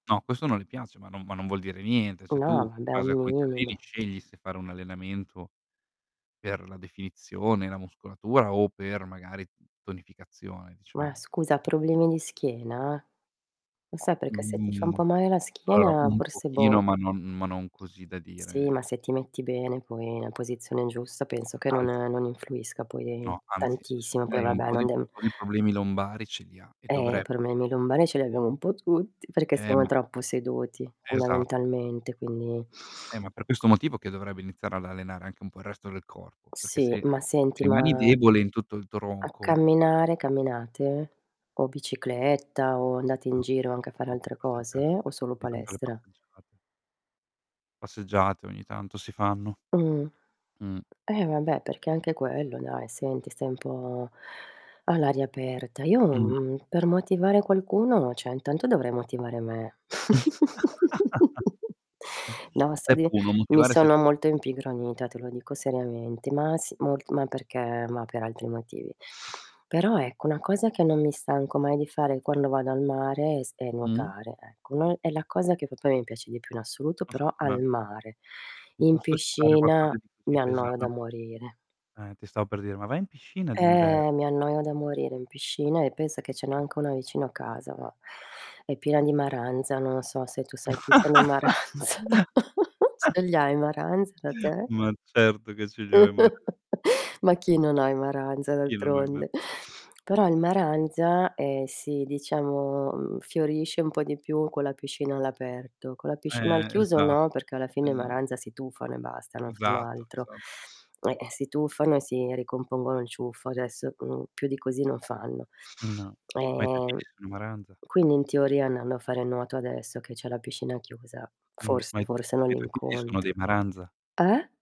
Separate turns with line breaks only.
No questo non le piace, ma non ma non vuol dire niente. Se tu in
No, vabbè
base
un
a come ti alleni
minimo.
scegli se fare un allenamento per la definizione, la muscolatura o per magari tonificazione
Ma
diciamo.
scusa problemi di schiena? Ma sai perché se ti fa un
Mhmm,
po' male la
allora
schiena
un
forse boh.
pochino ma non ma non così da
Sì ma
dire
se ti metti bene poi nella posizione giusta penso che non
Anzi
non influisca poi
No anzi, anzi,
tantissimo, poi
lei ha un
vabbè
po'
non
di
dem
po' di problemi lombari ce li ha e
Eh i
dovre
problemi lombari ce li abbiamo un po' tutti perché
Eh
siamo
ma
troppo seduti
Esatto.
fondamentalmente, quindi
E ma per questo motivo che dovrebbe iniziare ad allenare anche un po' il resto del corpo, perché
Sì,
se
ma senti
rimani
ma
debole in tutto il
a
tronco
camminare camminate? O bicicletta o andate in
No,
giro anche a fare
sono
altre
passeggiate,
cose, o solo
ogni tanto le
palestra?
passeggiate. Passeggiate ogni tanto si fanno.
Mh.
Mh.
Eh vabbè perché anche quello dai senti stai un po' all'aria aperta. Io,
Mh.
mhmm, per motivare qualcuno, cioè intanto dovrei motivare me. No sta
Step
di
1:
mi
motivare se
sono
ste
molto impigronita, te lo dico seriamente. Ma sì molt ma perché ma per altri motivi. Però ecco una cosa che non mi stanco mai di fare quando vado al mare è s è
Mh.
nuotare ecco; noi è la cosa che proprio mi piace di più in assoluto però al
[unintelligible]
mare.
Ti
In
posso [unintelligible] qualcosa
piscina
di più
mi
tipo
annoio da
esame.
morire.
Eh ti stavo per dire: "Ma va in piscina d' inverno."
Eh mi annoio da morire in piscina e pensa che ce n'è anche una vicino a casa ma, è piena di maranza, non so se tu sai chi sono i maranza. Ce li hai maranza da te?
Ma certo che ce li ho i maran
Ma chi non ha i maranza
Chi non ha i mara
d'altronde. Però il maranza, ehm, sì diciamo, mhmm, fiorisce un po' di più con la piscina all'aperto. Con la piscina al
Eh
chiuso
esa
no, perché alla fine i
esa
maranza si tuffano e basta, non fanno
Esatto,
altro.
esa
Eh, si tufano e si ricompongono il ciuffo adesso, mhmm, più di così non fanno.
No, ma i tuoi
Ehm,
figli sono maranza?
quindi in teoria andando a fare nuoto adesso che c'è la piscina chiusa
Mh, ma
forse
i t
forse
ma
non
i tuoi figli sono
l'incontro.
dei maranza?
Eh?